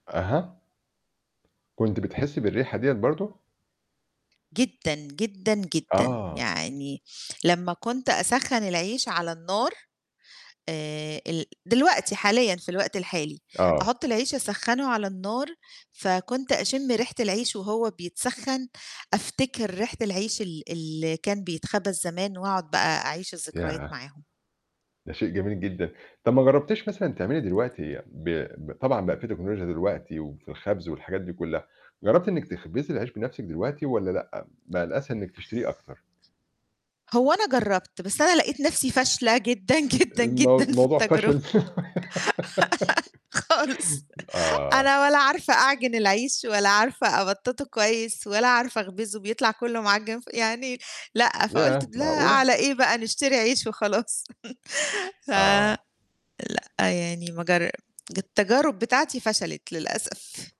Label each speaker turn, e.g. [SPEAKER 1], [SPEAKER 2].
[SPEAKER 1] أها. كنتِ بتحسّي بالريحة ديّة برضه؟
[SPEAKER 2] جدًا، جدًا، جدًا،
[SPEAKER 1] آه.
[SPEAKER 2] يعني لمّا كنت أسَخّن العيش على النار آآ ال دلوقتي حاليًا في الوقت الحالي،
[SPEAKER 1] آه.
[SPEAKER 2] أحُط العيش أسَخّنه على النار، فكنت أشِم ريحة العيش وهو بيتسخَّن، أفتكر ريحة العيش ال اللي كان بيتخبز زمان وأقعُد بقى أعيش الذكريات
[SPEAKER 1] ياه!
[SPEAKER 2] معاهم.
[SPEAKER 1] ده شيء جميل جدًا، طَب ما جرّبتيش مثلًا تعملي دلوقتي ب ب طبعًا بقى في تكنولوجيا دلوقتي وفي الخَبز والحاجات دي كُلّها، جرّبتِ إنِّك تخبزي العيش بنَفْسِك دلوقتي والّا لأ، بقى الأسهل إنِّك تشتريه أكتر؟
[SPEAKER 2] هو أنا جرّبت، بس أنا لقيت نَفْسي فاشلة جدًا، جدًا،
[SPEAKER 1] المو
[SPEAKER 2] جدًا في
[SPEAKER 1] الموضوع
[SPEAKER 2] التجربة
[SPEAKER 1] فشل.
[SPEAKER 2] خالص
[SPEAKER 1] آه.
[SPEAKER 2] أنا ولا عارفة أعجِن العيش ولا عارفة أبَطَّطه كويس ولا عارفة أخبِزه بيطلع كُلّه معَجِّن ف يعني لأ، فقُلت
[SPEAKER 1] ياه!
[SPEAKER 2] لا
[SPEAKER 1] معقولة؟
[SPEAKER 2] على إيه بقى نشتري عيش وخلاص. ف
[SPEAKER 1] آه.
[SPEAKER 2] لأ، يعني ما جر التجارب بتاعتي فشلت للأسف.